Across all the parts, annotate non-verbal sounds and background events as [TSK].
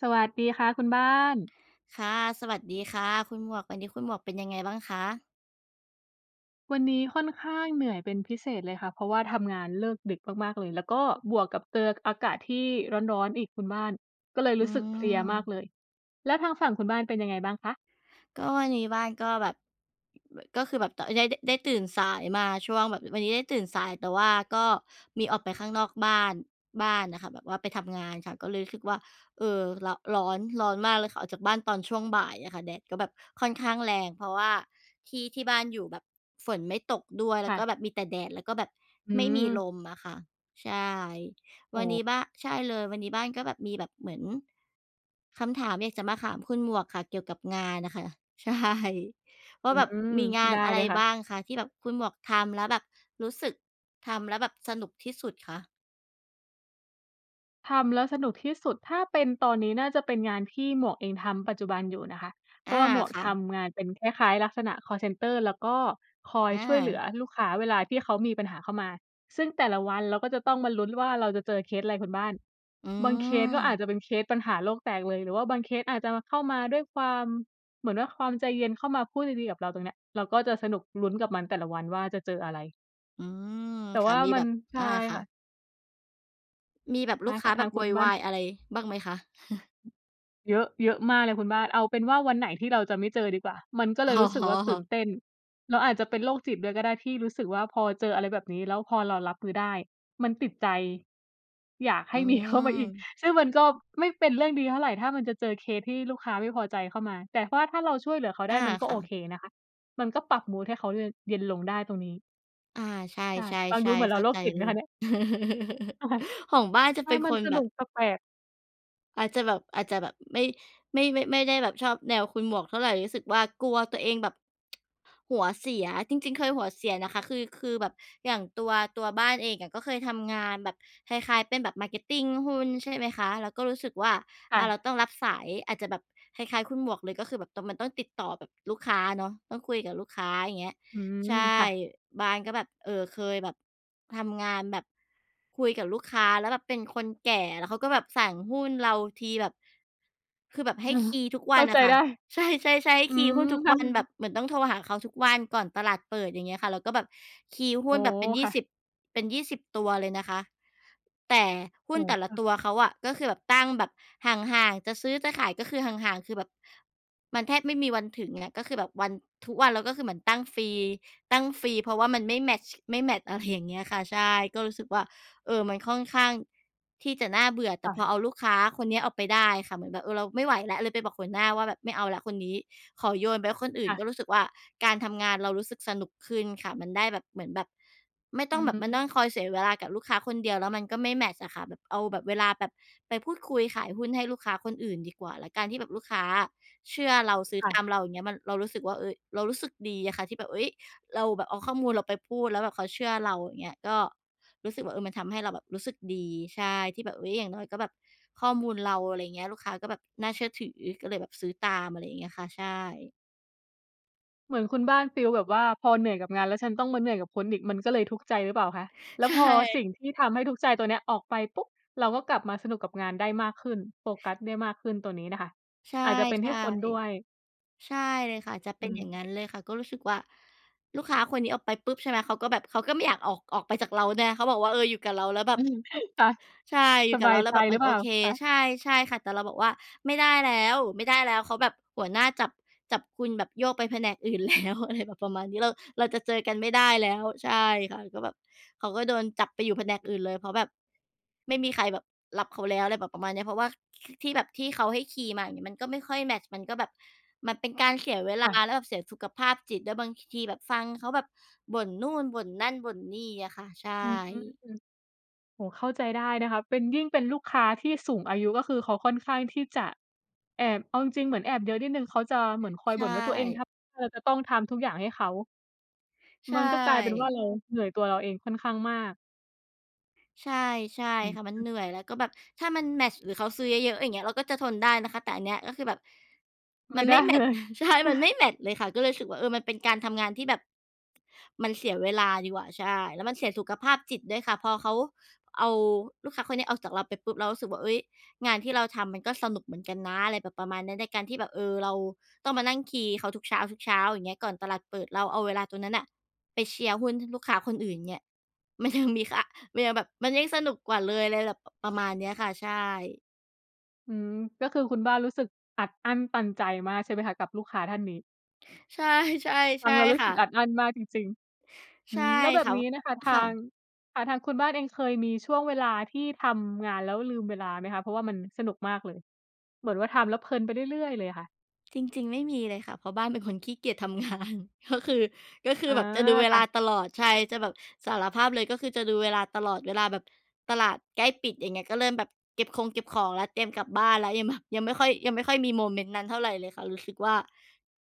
สวัสดีค่ะคุณบ้าน ค่ะ สวัสดีค่ะคุณหมวก วันนี้คุณหมวกเป็นยังไงบ้างคะ? วันนี้ค่อนข้างเหนื่อยเป็นพิเศษเลยค่ะ เพราะว่าทำงานเลิกดึกมาก ๆ เลย แล้วก็บวกกับเจออากาศที่ร้อน ๆ อีกคุณบ้าน ก็เลยรอืู้สึกเพลียมากม เลย แล้วทางฝั่งคุณบ้านเป็นยังไงบ้างคะ? ก็วันนี้บ้านก็แบบ ก็คือแบบ ต ได้ ได้ ได้ตื่นสายมาช่วง แบบวันนี้ได้ตื่นสาย แต่ว่าก็มีออกไปข้างนอกบ้าน บ้านน่ะค่ะ แบบว่าไปทำงานค่ะ ก็เลยรู้สึกว่า เออ ร ร้อน ร้อนมากเลยค่ะ ออกจากบ้านตอนช่วงบ่ายเนี่ยค่ะ แดดก็แบบค่อนข้างแรง เพราะว่าที่ ที่บ้านอยู่แบบฝนไม่ตกด้วย แคล้่วก็ะ แบบมีแต่แดด แล้วก็แบบอืไม่มีลม มอะค่ะ ใช่ โอวันน้ ี้บ้า ใช่เลย วันนี้บ้านก็แบบมีแบบเหมือน คำถามอยากจะมาถาม คุณหมวกค่ะ เกี่ยวกับงานน่ะค่ะ ใช่ วอ่าืแบบม มีงาไดน้อะเไลรยค่บะ ้างคะที่แบบคุณหมวกทำแล้วแบบรู้สึกทำแล้วแบบสนุกที่สุดคะ? ทำแล้วสนุกที่สุด ถ้าเป็นตอนนี้น่าจะเป็นงานที่หมวกเองทำปัจจุบันอยู่นะคะ เพอราา ะว่าหมวกค่ทะ ำงานเป็นคล้าย ๆ ลักษณะคอลเซนเตอร์ และก็คอยอช่วยเหลืา อลูกค้าเวลาที่เขามีปัญหาเข้ามา ซึ่งแต่ละวันเราก็จะต้องมาลุ้นว่า เราจะเจอเคสอะไรคุณบ้าน อืบางเคสก็อาจม จะเป็นเคสปัญหาโลกแตกเลย หรือว่าบางเคสอาจจะเข้ามาด้วยความ เหมือนว่าความใจเย็น เข้ามาพูดดี ๆ กับเรา ตรงเนี้ยเราก็จะสนุก ลุ้นกับมันแต่ละวันว่า จะเจออะไร อืม แต่ค่ะ ว่ามีมแับน บ ใชอ่า ค่คะ ่ะ มีแบบไดลู้กคค่้า ะ แทบาบงคโวุณยบว้าน ายอะไรบ้างไหมคะ? [CHUCKLES] เยอะ เยอะมากเลยคุณบ้าน เอาเป็นว่าวันไหนที่เราจะไม่เจอดีกว่า มันก็เอล๋ยรู้สึกว่าตื่นอ เต้น เราอาจจะเป็นโรคจิตด้วยก็ได้ ที่รู้สึกว่าพอเจออะไรแบบนี้ แล้วพอเรารับมือได้ มันติดใจ อยาก ใหอื้มี เข้ามาอีก ม ซึ่งมันก็ไม่เป็นเรื่องดีเท่าไร ถ้ามันจะเจอเคสที่ลูกค้าไม่พอใจเข้ามา แต่ว่าถ้าเราช่วยเหลือเขาไอดา ้มันก็คโ่อะ เคนะคะ มันก็ปรับมูดให้เขาเย็น เย็นลงได้ตรงนี้ อา ใชใช่ ฟังดู่ เหมืๆ อนๆ เรเขา้าโรคใจจิตไเหลมคย ะเนี่ย? [CHUCKLES] ค่ะ ของบ้านจะใชเ่ ป็นมัคนนสแบนุบ กแปลก ๆ อาจจะแบบ อาจจะแบบไม่ ไม่ ไม่ ไม่ได้แบบชอบแนวคุณหมวกเท่าไร รู้สึกว่ากลัวตัวเองแบบ หัวเสียจริง ๆ เคยหัวเสียนะคะ คือ คือแบบอย่างตัว ตัวบ้านเองอะก็เคยทำงานแบบคล้าย ๆ เป็นแบบ Marketing หุ้น ใช่ไหมคะ แล้วก็รู้สึกว่า ค่อา เราะ ต้องรับสาย อาจจะแบบคล้าย ๆ คุณหมวกเลย ก็คือแบบตอน มันต้องติดต่อแบบลูกค้าเนาะ ต้องคุยกับลูกค้า อย่างเงี้ย อืใชม ค่ ่ะ บ้านก็แบบ เออ เคยแบบทำงานแบบคุยกับลูกค้าแล้วแบบเป็นคนแก่ แล้วเขาก็แบบสั่งหุ้นเราทีแบบ คือแบบใหเอ้อ คีย์ทุกวเขั้นาอใจะค่ะ ได้ ใช่ ๆ ๆ ให้อืคีย์ม หุ้นทุกค่วัน แบะ บเหมือนต้องโทรหาเขาทุกวันก่อนตลาดเปิด อย่างเงี้ยค่ะ แล้วก็แบบคีย์หโุอ้้ นแบบเป็นยีค่่ะ สิบ เป็น 20 ตัวเลยนะคะ แต่หุโ้อน้ แต่ลคะ่ะ ตัวเขาอะก็คือแบบตั้งแบบห่าง ๆ จะซื้อจะขาย ก็คือห่าง ๆ คือแบบมันแทบไม่มีวันถึงเงี้ย ก็คือแบบวัน ทุกวันเราก็คือเหมือนตั้งฟรี ตั้งฟรี เพราะว่ามันไม่แมตช์ ไม่แมตช์ อะไรอย่างเงี้ยอะค่ะ ใช่ ก็รู้สึกว่า เออ มันค่อนข้างที่จะน่าเบื่อ แตค่่พอะ เอาลูกค้าคนเนี้ยออกไปได้อะค่ะ เหมือนแบบ เออ เราไม่ไหวแล้ว เลยไปบอกหัวหน้าว่าแบบ "ไม่เอาแล้วคนนี้" ขอโยนไปให้คนอื่คน ่ก็ะ รู้สึกว่าการทำงานเรารู้สึกสนุกขึ้นค่ะ มันได้แบบ เหมือนแบบไม่อตื้องแบบมานั่ม งคอยเสียเวลากับลูกค้าคนเดียว แล้วมันก็ไม่แมตช์อะค่ะ แบบเอาแบบเวลาแบบไปพูดคุยขายหุ้นให้ลูกค้าคนอื่นดีกว่า แล้วการที่แบบลูกค้าอะเชื่อเรา ซื้อค่ตาะ มเรา อย่างเงี้ย มัน เรารู้สึกว่า เฮ้ย เรารู้สึกดีอะค่ะ ที่แบบ เฮ้ย เราแบบเอาข้อมูลเราไปพูด แล้วแบบเขาเชื่อเรา อย่างเงี้ย ก็รู้สึกว่า เออ มันทำให้เราแบบรู้สึกดี ใช่ ที่แบบ เฮ้ย อย่างน้อยก็แบบ ข้อมูลเรา อะไรเงี้ย ลูกค้าก็แบบน่าเชื่อถือ ก็เลยแบบซื้อตาม อะไรอย่างเงี้ยค่ะ ใช่ เหมือนคุณบ้านฟีลแบบว่าพอเหนื่อยกับงาน แล้วฉันต้องมาเหนื่อยกับคนอีกมันก็เลยทุกข์ใจหรือเปล่าคะ แล้วใชพอ่ สิ่งที่ทำให้ทุกข์ใจตัวเนี้ยออกไปปุ๊บ เราก็กลับมาสนุกกับงานได้มากขึ้น โฟกัสได้มากขึ้น ตัวนี้น่ะค่ะใช่ อาจจะเป็นที่คนด้วย ๆ ใช่เลยค่ะ จะเอปื็นอย่างม งั้นเลยค่ะ ก็รู้สึกว่าลูกค้าคนนี้ออกไปปุ๊บ ใช่ไหม เขาก็แบบเขาก็ไม่อยากออก ออกไปจากเราด้วยนะ เขาบอกว่า "เออ อยู่กับเราแล้วแบอืบ" ม ค่ะ ใช่ อยูส่กบับาเรยาแลใ้วจแบบ หรมืันอเโปอล่าเค คะ? ใช่ ใช่ค่ะ แต่เราบอกว่า "ไม่ได้แล้ว ไม่ได้แล้ว เขาแบบ หัวหน้าจับ จับคุณแบบโยกไปแผนกอื่น แล้ว" อะไรแบบประมาณนี้ "เรา เราจะเจอกันไม่ได้แล้ว" ใช่ค่ะ ก็แบบ เขาก็โดนจับไปอยู่แผนกอื่นเลย เพราะแบบไม่มีใครแบบรับเขาแล้ว อะไรแบบประมาณเนี้ย เพราะว่า ค ที่แบบ ที่เขาให้คีย์มา อย่างงี้ มันก็ไม่ค่อยแมตช์ มันก็แบบ มันเป็นการเสียเวลคา ่ะ แล้วแบบเสียสุขภาพจิตด้วย บางทีแบบฟังเขาแบบบ่นนู่น บ่นนั่น บ่นนี่อะค่ะ ใช่ อืม โอ้ เข้าใจได้นะคะ เป็น ยิ่งเป็นลูกค้าที่สูงอายุก็คือเขาค่อนข้างที่จะแอบ เอาจริง ๆ เหมือนแอบเยอะนิดหนึ่ง เขาจะเหมือนคอใยชบ่นว่า ตัวเอ่ งทำ เธอจะต้องทำทุกอย่างให้เขา ใชมันก็กลายเป็นว่่ าเราเหนื่อยตัวเราเองค่อนข้างมาก ใช่ ใช่อืค่ะ มันม เหนื่อย แล้วก็แบบถ้ามันแมตช์หรือเขาซื้อเยอะ ๆ อย่างเงี้ย เราก็จะทนได้นะคะ แต่อันเนี้ยก็คือแบบไมม่ันไดไม้่แมเตลช์ ย [CHUCKLES] ใช่ มันไม่[CHUCKLES] แมตช์เลยค่ะ ก็เลยรู้สึกว่า เออ มันเป็นการทำงานที่แบบ มันเสียเวลาดีกว่า ใช่ แล้วมันเสียสุขภาพจิตด้วยค่ะ พอเขาเอาลูกค้าคนเนี้ยออกจากเราไปปุ๊บ เรารู้สึกว่า เฮ้ย งานที่เราทำมันก็สนุกเหมือนกันนะ อะไรแบบประมาณเนี่ย ในการที่แบบ เออ เราต้องมานั่งคีย์เขาทุกเช้า ๆ อย่างเงี้ย ก่อนตลาดเปิด เราเอาเวลาตรงนั้นน่ะไปเชียร์หุ้นให้ลูกค้าคนอื่นเนี่ย มันยัง มีค่า มันยังแบบ มันยิ่งสนุกกว่าเลย อะไรแบบประมาณเนี้ยค่ะ ใช่ อืม ก็คือคุณบ้านรู้สึกอัดอั้นตันใจมากใช่ไหมคะกับลูกค้าท่านนี้? ใช่ ๆ ฟใัชง่แล้วรู้คส่ึกอะ ัดอั้นมากจริง ๆ อใืช่ม แล้วแบค่บะ นี้นะคะพ ทค่าง ะ ค่ะ ทางคุณบ้านเองเคยมีช่วงเวลาที่ทำงานแล้วลืมเวลาไหมคะ? เพราะว่ามันสนุกมากเลย เหมือนว่าทำแล้วเพลินไปเรื่อย ๆ เลยค่ะ จริง ๆ ไม่มีเลยค่ะ เพราะบ้านเป็นคนขี้เกียจทำ งาน ก็คือ ก็คอื๋ออ แบบจะดูเวค่ลาะ ตลอด ใช่ จะแบบ สารภาพเลยก็คือจะดูเวลาตลอด เวลาแบบตลาดใกล้ปิด อย่างเงี้ย ก็เริ่มแบบเก็บคง เก็บของแล้ว เตรียมกลับบ้านแล้ว ยังแบบ ยังไม่ค่อย ยังไม่ค่อยมีโมเมนต์นั้นเท่าไรเลยค่ะ รู้สึกว่า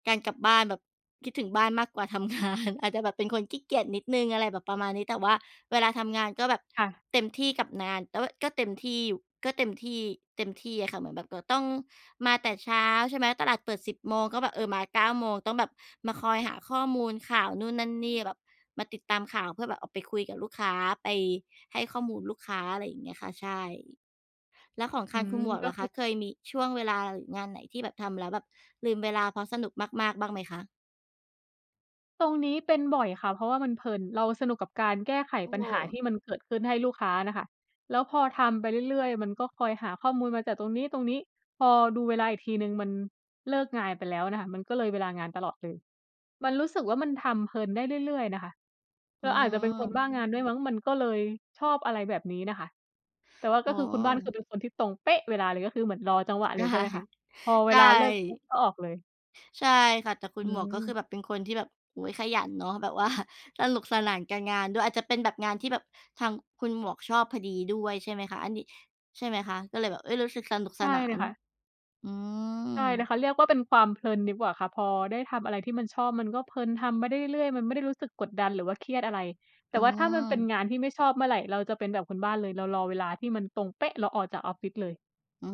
การกลับบ้านแบบ คิดถึงบ้านมากกว่าทำ งาน อาจจะแบบเป็นคนขี้เกียจนิดหนึ่ง อะไรแบบประมาณนี้ แต่ว่าเวลาทำงานก็แบบค่ะ เต็มที่กับนาน แต่ว่าก็เต็มที่อยู่ ก็เต็มที่ เต็มที่อะค่ะ เหมือนแบบเราต้องมาแต่เช้า ใช่ไหม ตลาดเปิด 10 โมง ก็แบบ เออ มา 9 โมง ต้องแบบมาคอยหาข้อมูลข่าวนู่นนั่นนี่ แบบมาติดตามข่าวเพื่อแบบเอาไปคุยกับลูกค้า ไปให้ข้อมูลลูกค้า อะไรอย่างเงี้ยค่ะ ใช่ แล้วของคอืางคุม ณหมวกก็ล่ะคคืะ อ เคยมีช่วงเวลาหรืองานไหนที่แบบทำแล้วแบบลืมเวลาเพราะสนุกมาก ๆ บ้างไหมคะ? ตรงนี้เป็นบ่อยค่ะ เพราะว่ามันเพลิน เราสนุกกับการแก้ไขโอ้ ปัญหาที่มันเกิดขึ้นให้ลูกค้าน่ะค่ะ แล้วพอทำไปเรื่อย ๆ มันก็คอยหาข้อมูลมาจัดตรงนี้ ๆ พอดูเวลาอีกทีหนึ่งมันเลิกงาน ไปแล้วน่ะค่ะ มันก็เลยเวลางานตลอดเลย มันรู้สึกว่ามันทำเพลินได้เรื่อย ๆ นะคะ เอรืาอาจจะเป็นคนบม ้างานด้วยมั้ง มันก็เลยชอบ อะไรแบบนี้น่ะค่ะ แต่ว่าโกอ็้ คือคุณบ้าน คือเป็นคนที่ตรงเป๊ะเวลาเลย ก็คือเหมือนรอจังหวะเใลช่ ยใช่ไหมคะ? พอเใวชลาเลิกปุ๊บ ่ ก็ออกเลย ใช่ค่ะ แต่คุอณืหมวกก็คอ ือแบบเป็นคนที่แบบ โอ้ ขยันเนาะ แบบว่าสนุกสนานกับการงานด้วย อาจจะเป็นแบบงานที่แบบทางคุณหมวกชอบพอดีด้วยใช่ไหมคะ อันนี้ ใช่ไหมคะ? ก็เลยแบบ เฮ้ย รู้สึกสนุกใชส่นาเลยน ค่ะ อืใช่เลยม ค่ะ เรียกว่าเป็นความเพลินดีกว่าค่ะ พอได้ทำอะไรที่มันชอบ มันก็เพลินทำไปได้เรื่อย ๆ มันไม่ได้รู้สึกกดดัน หรือว่าเครียดอะไร แตอ่ืว่าถ้ามันเป็นม งานที่ไม่ชอบเมื่อไร เราจะเป็นแบบคุณบ้านเลย เรารอเวลาที่มันตรงเป๊ะ เราออกจากออฟฟิศเลย อื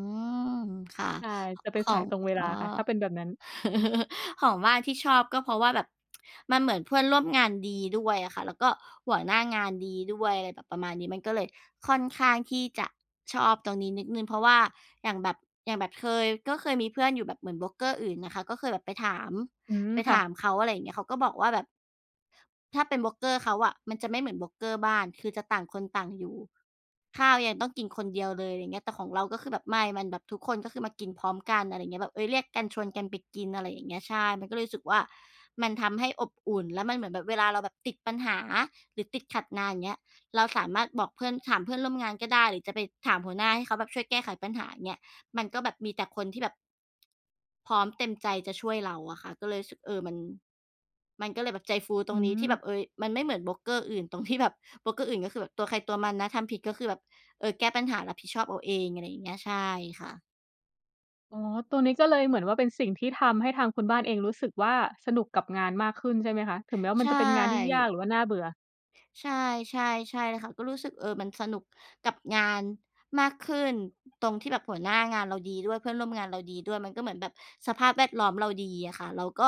ม ค่ะ ใช่ จะเปข็นสอายง ตรงเวลอา๋อ ค่ะ ถ้าเป็นแบบนั้น [CHUCKLES] ของบ้านที่ชอบ ก็เพราะว่าแบบ [TSK] มันเหมือนเพื่อนร่วมงานดีด้วยอะค่ะ แล้วก็หัวหน้างานดีด้วย อะไรแบบประมาณนี้ มันก็เลยค่อนข้างที่จะชอบตรงนี้นิดหนึ่ง เพราะว่าอย่างแบบ อย่างแบบเคย ก็เคยมีเพื่อนอยู่แบบเหมือนโบรกเกอร์อื่นอะค่ะ ก็เคยแบบไปถาม อืม ไปค่ถาะ มเขา อะไรอย่างเงี้ย เขาก็บอกว่าแบบ ถ้าเป็นโบรกเกอร์เขาอะ มันจะไม่เหมือนโบรกเกอร์บ้าน คือจะต่างคนต่างอยู่ ข้าวยังต้องกินคนเดียวเลย อะไรเงี้ย แต่ของเราก็คือแบบ ไม่ มันแบบทุกคนก็คือมากินพร้อมกัน อะไรเงี้ย แบบ เฮ้ย เรียกกันชวนกันไปกิน อะไรอย่างเงี้ย ใช่ มันก็เลยรู้สึกว่ามันทำให้อบอุ่น แล้วมันเหมือนแบบ วลาเราแบบติดปัญหา หรือติดขัดงาน อย่างเงี้ย เราสามารถบอกเพื่อน ถามเพื่อนร่วมงานก็ได้ หรือจะไปถามหัวหน้าให้เขาแบบช่วยแก้ไขปัญหา อย่างเงี้ย มันก็แบบมีแต่คนที่แบบ พร้อมเต็มใจจะช่วยเราอะค่ะ ก็เลยรู้สึก เออ มัน มันก็เลยแบบใจฟูตอืรงนี้ที่แบม บ เฮ้ย มันไม่เหมือนโบรกเกอร์อื่นตรงที่แบบ โบรกเกอร์อื่นก็คือแบบตัวใครตัวมันนะ ทำผิดก็คือแบบ เออ แก้ปัญหา รับผิดชอบเอาเอง อะไรอย่างเงี้ย ใช่ค่ะ อ๋อ ตรงนี้ก็เลยเหมือนว่าเป็นสิ่งที่ทำให้ทางคุณบ้านเองรู้สึกว่าสนุกกับงานมากขึ้นใช่ไหมคะ? ถึงแม้ว่าใชมันจะเป็นงานที่ยาก่ หรือว่าน่าเบื่อ ใช่ ใช่ ใช่เลยค่ะ ก็รู้สึก เออ มันสนุกกับงานมากขึ้น ตรงที่แบบหัวหน้างานเราดีด้วย เพื่อนร่วมงานเราดีด้วย มันก็เหมือนแบบสภาพแวดล้อมเราดีอะค่ะ เราก็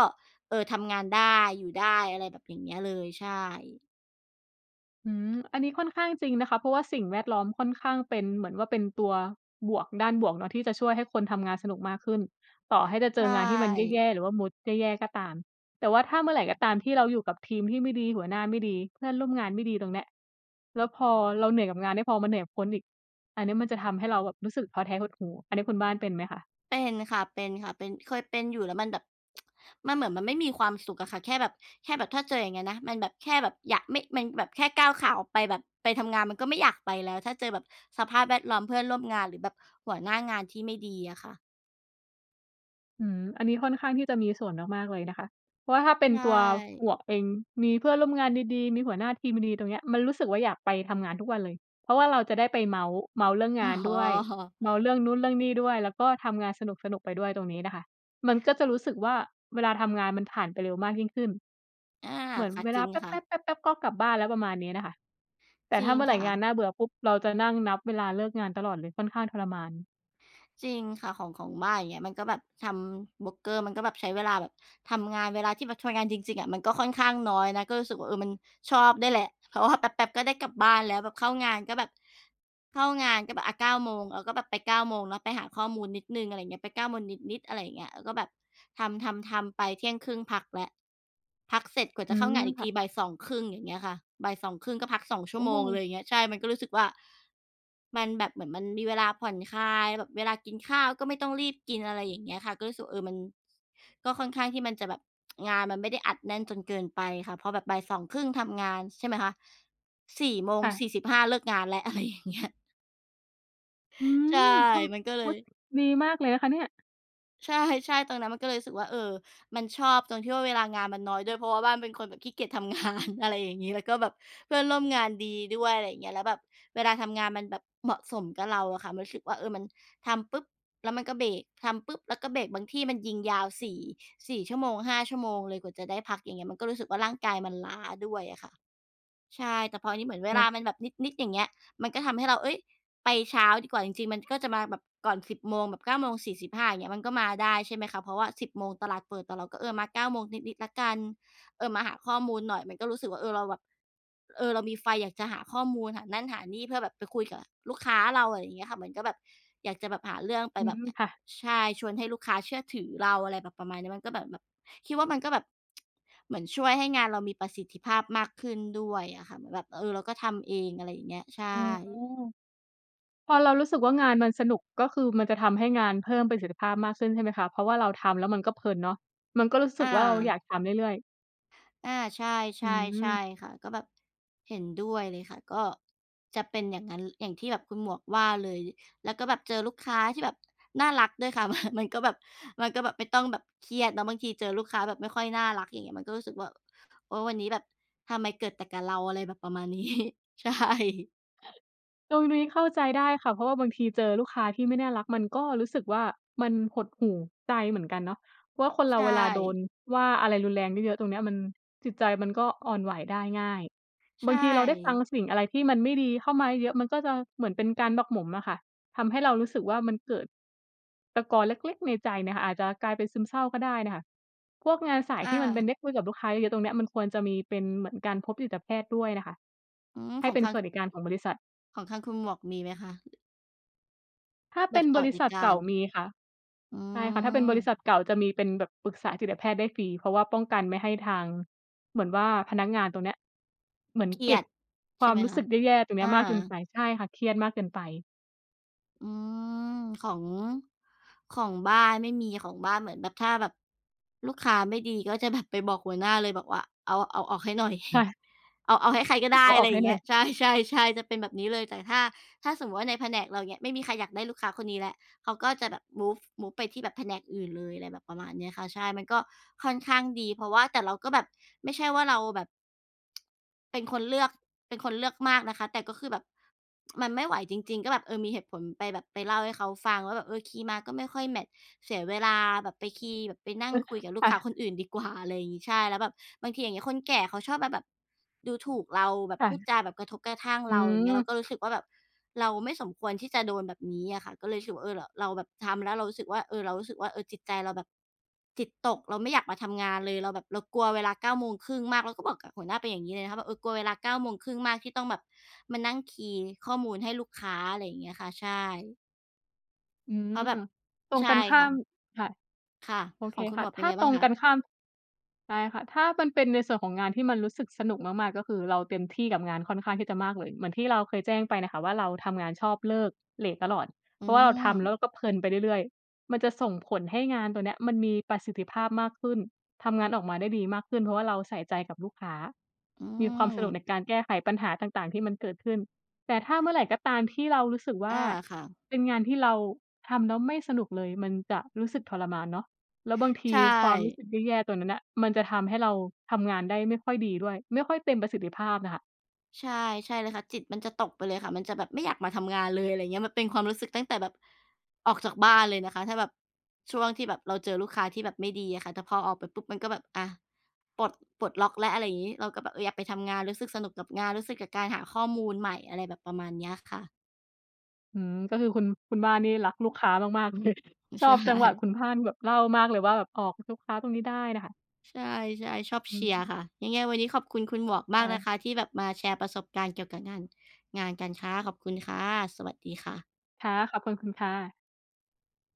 เออ ทำงานได้ อยู่ได้ อะไรแบบอย่างเงี้ยเลย ใช่ อืม อันนี้ค่อนข้างจริงนะคะ เพราะว่าสิ่งแวดล้อมค่อนข้างเป็น เหมือนว่าเป็นตัวบวก ด้านบวกเนาะ ที่จะช่วยให้คนทำงานสนุกมากขึ้น ต่อให้จะเใจชองานที่มันแย่ ่ ๆ หรือว่ามูดแย่ ๆ ก็ตาม แต่ว่าถ้าเมื่อไรก็ตามที่เราอยู่กับทีมที่ไม่ดี หัวหน้าไม่ดี เพื่อนร่วมงานไม่ดี ตรงเนี้ย แล้วพอเราเหนื่อยกับงานไม่พอมาเหนื่อยกับคนอีก อันเนี้ยมันจะทำให้เราแบบรู้สึกท้อแท้ หดหู่ อันนี้คุณบ้านเป็นไหมคะ? เป็นค่ะ เป็นค่ะ เป็น เคยเป็นอยู่ แล้วมันแบบ [TSK] มันเหมือนมันไม่มีความสุขอะค่ะ แค่แบบ แค่แบบถ้าเจออย่างเงี้ยนะ มันแบบแค่แบบอยาก ไม่ มันแบบแค่ก้าวขาออกไปแบบ ไปทำงานมันก็ไม่อยากไปแล้ว ถ้าเจอแบบสภาพแวดล้อมเพื่อนร่วมงาน หรือแบบหัวหน้างานที่ไม่ดีอะค่ะ อืม อันนี้ค่อนข้างที่จะมีส่วนมาก ๆ เลยนะคะ เพราะว่าถ้าเป็ในชตัว่ หมวกเอง มีเพื่อนร่วมงานดี ๆ มีหัวหน้าทีมดี ๆ ตรงเนี้ย มันรู้สึกว่าอยากไปทำงานทุกวันเลย เพราะว่าเราจะได้ไปเมาท์ เมาท์เรื่องงอ๋านด้วย อ เมาท์เรื่องนู้น เรื่องนี่ด้วย แล้วก็ทำงานสนุก ๆ ไปด้วยตรงนี้นะคะ มันก็จะรู้สึกว่าเวลาทำงานมันผ่านไปเร็วมากยิ่งขึ้น อา เหมือนค่ะ เวจลราิงแปค่ะ ๊บ ๆ ๆ ๆ ก็กลับบ้านแล้ว ประมาณนี้น่ะค่ะ แต่จรถ้ิางเมื่อไรค่งานะ น่าเบื่อปุ๊บ เราจะนั่งนับเวลาเลิกงานตลอดเลย ค่อนข้างทรมาน จริงค่ะ ของ ของบ้าน อย่างเงี้ย มันก็แบบทำโบรกเกอร์ มันก็แบบใช้เวลาแบบทำงาน เวลาที่แบบทำงานจริง ๆ อะมันก็ค่อนข้างน้อยนะ ก็รู้สึกว่า เออ มันชอบด้วยแหละ เพราะว่าแป๊บ ๆ ก็ได้กลับบ้านแล้ว แบบเข้างานก็แบบ เข้างานก็แบบ อา 9 โมง แล้วก็แบบไป 9 โมงเนาะ ไปหาข้อมูลนิดหนึ่ง อะไรเงี้ย ไป 9 โมงนิด ๆ อะไรอย่างเงี้ย แล้วก็แบบทำ ๆ ๆ ไป เที่ยงครึ่งพักแล้ว พักเสร็จกว่าอืจะเข้าม งานอีกค่ทะ ีบ่าย 2 ครึ่ง อย่างเงี้ยค่ะ บ่าย 2 ครึ่ง ก็พัก 2 ชัโ่อวโมงเล้ ย อย่างเงี้ย ใช่ มันก็รู้สึกว่า มันแบบ เหมือนมันมีเวลาผ่อนคลาย แบบเวลากินข้าวก็ไม่ต้องรีบกิน อะไรอย่างเงี้ยค่ะ ก็รู้สึก เออ มันก็ค่อนข้างที่มันจะแบบ [TSK] งานมันไม่ได้อัดแน่นจนเกินไปค่ะ พอแบบบ่าย 2 ครึ่ง ทำงาน ใช่ไหมคะ 4 โมง ค่สีะ ่สิบห้า เลิกงานแล้ว อะไรอย่างเงี้ย อื้อฮืใช่ อ! ทมันก็ำ เลโอ้ ย ดีมากเลยนะคะเนี่ย ใช่ ๆ ตอนนั้นมันก็เลยรู้สึกว่า เออ มันชอบตรงที่ว่าเวลางานมันน้อยด้วย เพราะว่าบ้านเป็นคนแบบขี้เกียจทำ งาน อะไรอย่างงี้ แล้วก็แบบเพื่อนร่วมงานดีด้วย อะไรอย่างเงี้ย แล้วแบบเวลาทำงานมันแบบเหมาะสมกับเราอะค่ะ มันรู้สึกว่า เออ มันทำปุ๊ป แล้วมันก็เบรก ทำปุ๊ป แล้วก็เบรก บางที่มันยิงยาวสี่ 4 ชั่วโมง 5 ชั่วโมงเลย กว่าจะได้พัก อย่างเงี้ย มันก็รู้สึกว่าร่างกายมันล้าด้วยอะค่ะ ใช่ แต่พอนี่เหมือนเวโลาอ้ มันแบบนิด ๆ อย่างเงี้ย มันก็ทำให้เรา เฮ้ย ไปเช้าดีกว่า จริง ๆ มันก็จะมาแบบก่อน 10 โมง แบบ 9 โมง 45 อย่างเงี้ย มันก็มาได้ใช่ไหมคะ เพราะว่า 10 โมงตลาดเปิด แต่เราก็ เออ มา 9 โมงนิด ๆ แล้วกัน เออ มาหาข้อมูลหน่อย มันก็รู้สึกว่า เออ เราแบบ เออ เรามีไฟอยากจะหาข้อมูล หานั่น หานี่ เพื่อแบบไปคุยกับลูกค้าเรา อะไรเงี้ยค่ะ เหมือนก็แบบอยากจะแบบหาเรื่องไปอืแบบ ม ค่ะ ใช่ ชวนให้ลูกค้าเชื่อถือเรา อะไรแบบประมาณนี้ มันก็เหมือนแบบ คิดว่ามันก็แบบ [TSK] เหมือนช่วยให้งานเรามีประสิทธิภาพมากขึ้นด้วยอะค่ะ เหมือนแบบ เออ เราก็ทำเอง อะไรอย่างเงี้ย ใชอ๋อ ่ พอเรารู้สึกว่างานมันสนุก ก็คือมันจะทำให้งานเพิ่มประสิทธิภาพมากขึ้นใช่ไหมคะ เพราะว่าเราทำแล้วมันก็เพลินเนาะ มันก็รู้สึอกว่าเราอยาา กทำเรื่อย ๆ อา ใช่ อืๆ ใช่ม ค่ะ ก็แบบเห็นด้วยเลยค่ะ ก็จะเป็นอย่างงั้น อย่างที่แบบคุณหมวกว่าเลย แล้วก็แบบเจอลูกค้าที่แบบน่ารักด้วยค่ะ [CHUCKLES] มันก็แบบ มันก็แบบไม่ต้องแบบเครียดเนาะ บางทีเจอลูกค้าแบบไม่ค่อยน่ารัก อย่างเงี้ย มันก็รู้สึกว่า เออ วันนี้แบบทำไมเกิดแต่กับเรา อะไรแบบประมาณ นี้ ใช่ ตรงนี้เข้าใจได้ค่ะ เพราะว่าบางทีเจอลูกค้าที่ไม่น่ารัก มันก็รู้สึกว่ามันหดหู่ใจเหมือนกันเนาะ เพราะว่าคนเรใชาเวลาโด่ นว่าอะไรรุนแรงเยอะ ๆ ตรงเนี้ยมัน จิตใจมันก็อ่อนไหวได้ง่าย ใชบางทีเราได้ฟัง่ สิ่งอะไรที่มันไม่ดีเข้ามาเยอะ ๆ มันก็จะเหมือนเป็นการหมักหมมอะค่ะ ทำให้เรารู้สึกว่ามันเกิดตะกอนเล็ก ๆ ในใจเนี่ยค่ะ อาจจะกลายเป็นซึมเศร้าก็ได้น่ะค่ะ พวกงานสายอที่มันเป็นไา ด้คุยกับลูกค้าเยอะ ๆ ตรงเนี้ยมันควรจะมีเป็นเหมือนการพบจิตแพทย์ด้วยน่ะค่ะอืม ให้ขอเงป็นทาสง วัสดิการของบริษัท ของทางคุณหมวกมีไหมคะ? ถ้าแเปบ็บนสบวรัสิดษิัทกาเก่าร มีค่ะ อืใช่ค่ะ ถ้าเป็นบริษม ัทเก่าจะมีเป็นแบบปรึกษาจิตแพทย์ได้ฟรี เพราะว่าป้องกันไม่ให้ทาง เหมือนว่าพนักงานตรงเนี้ยเหมือนเครีเกย็บดคใวช่าไมหมรู้คสะ? ึกแย่ ๆ ตรงเนอี้า ยมากเกินไป ใช่ค่ะ เครียดมากเกินไป อืม ของ ของบ้านไม่มี ของบ้านเหมือนแบบถ้าแบบลูกค้าไม่ดี ก็จะแบบไปบอกหัวหน้าเลย บอกว่า เอา เอาออกให้หน่อย ค่[CHUCKLES] ะ เอา เอาให้ใครก็ฮ ไดเอ้ าออะอไกรใอหย้่างหเนง่ีอ้ย ย ใช่ ๆ ๆ จะเป็นแบบนี้เลย แต่ถ้า ถ้าสมมุติว่าในแผนกเรา อย่างเงี้ย ไม่มีใครอยากได้ลูกค้าคนนี้แล้ว เขาก็จะแบบ Move Move ไปที่แบบแผนกอื่นเลย อะไรแบบประมาณเนี้ยค่ะ ใช่ มันก็ค่อนข้างดี เพราะว่า แต่เราก็แบบไม่ใช่ว่าเราแบบ เป็นคนเลือก เป็นคนเลือกมากนะคะ แต่ก็คือแบบ มันไม่ไหวจริง ๆ ก็แบบ เออ มีเหตุผลไปแบบ ไปเล่าให้เขาฟังว่า แบบ เออ คีย์มาก็ไม่ค่อยแมตช์ เสียเวลาแบบไปคีย์ แบบไปนั่งคุยกับล[LAUGHS] ูคก่ค้าะ คนอื่นดีกว่า อะไรอย่างงี้ ใช่ แล้วแบบบางทีอย่างงี้ คนแก่เขาชอบมาแบบดูถูกเรา แบบค่พูะ ดจาแบบกระทบกระทั่งอืเรา อย่างเงี้ย เราม ก็รู้สึกว่าแบบเราไม่สมควรที่จะโดนแบบนี้อะค่ะ ก็เลยรู้สึกว่า เออ ร เราแบบทำแล้วเรารู้สึกว่า เออ เรารู้สึกว่า เออ จิตใจเราแบบจิตตก เราไม่อยากมาทำงานเลย เราแบบเรากลัวเวลา 9 โมงครึ่งมาก แล้วก็บอกกับหัวหน้าไปอย่างงี้เลยนะคะ ว่าแบบ เออ "กลัวเวลา 9 โมงครึ่งมาก ที่ต้องแบบมานั่งคีย์ข้อมูลให้ลูกค้า" อะไรอย่างเงี้ยค่ะ ใช่ อืเพราะแบบ อ ตรงใช่กันข้คา่ะ ม ค่ะ ค่ะ โอขเคองคุคณ่หมะ วกเปถ็นย้ัางไงบต้รางงคะ? กันข้าม ใช่ค่ะ ถ้ามันเป็นในส่วนของงานที่มันรู้สึกสนุกมาก ๆ ก็คือเราเต็มที่กับงานค่อนข้างที่จะมากเลย เหมือนที่เราเคยแจ้งไปน่ะค่ะว่าเราทำงานชอบเลิกเลตตลอด อเืพราะว่าเราทำแล้วเรม าก็เพลินไปเรื่อย ๆ มันจะส่งผลให้งานตัวเนี้ยมันมีประสิทธิภาพมากขึ้น ทำงานออกมาได้ดีมากขึ้น เพราะว่าเราใส่ใจกับลูกค้า อืมีความสนุกใม นการแก้ไขปัญหาต่าง ๆ ที่มันเกิดขึ้น แต่ถ้าเมื่อไรก็ตามที่เรารู้สึกวอ่า า ค่ะ เป็นงานที่เราทำแล้วไม่สนุกเลย มันจะรู้สึกทรมานเนาะ แล้วบางทใีชความรู้่ สึกแย่ ๆ ตัวนั้นน่ะมันจะทำให้เราทำงานได้ไม่ค่อยดีด้วย ไม่ค่อยเต็มประสิทธิภาพน่ะค่ะ ใช่ ใช่เลยค่ะ จิตมันจะตกไปเลยค่ะ มันจะแบบไม่อยากมาทำงานเลย อะไรเงี้ย มันเป็นความรู้สึกตั้งแต่แบบออกจากบ้านเลยนะคะ ถ้าแบบช่วงที่แบบเราเจอลูกค้าที่แบบไม่ดีอะค่ะ แต่พอออกไปปุ๊บมันก็แบบ อา ปลด ปลดล็อกแล้ว อะไรอย่างงี้ เราก็แบบ เออ อยากไปทำงาน รู้สึกสนุกกับงาน รู้สึกกับการหาข้อมูลใหม่ อะไรแบบประมาณเนี้ยค่ะ อืม ก็คือคุณ คุณบ้านนี่รักลูกค้ามาก ๆ เลย ชใชอบจังหวะ่ คุณบ้านแบบเล่ามากเลยว่าแบบออกลูกค้าตรงนี้ได้น่ะค่ะ ใช่ ๆ ชอบอืเชียรม ์ค่ะ ยังไงวันนี้ขอบคุณคุณหมวกมไดากน้ ะคะ ที่แบบมาแชร์ประสบการณ์เกี่ยวกับงาน งานกันค่ะ ขอบคุณค่ะ สวัสดีค่ะ ค่ะ ขอบคุณคุณค่ะ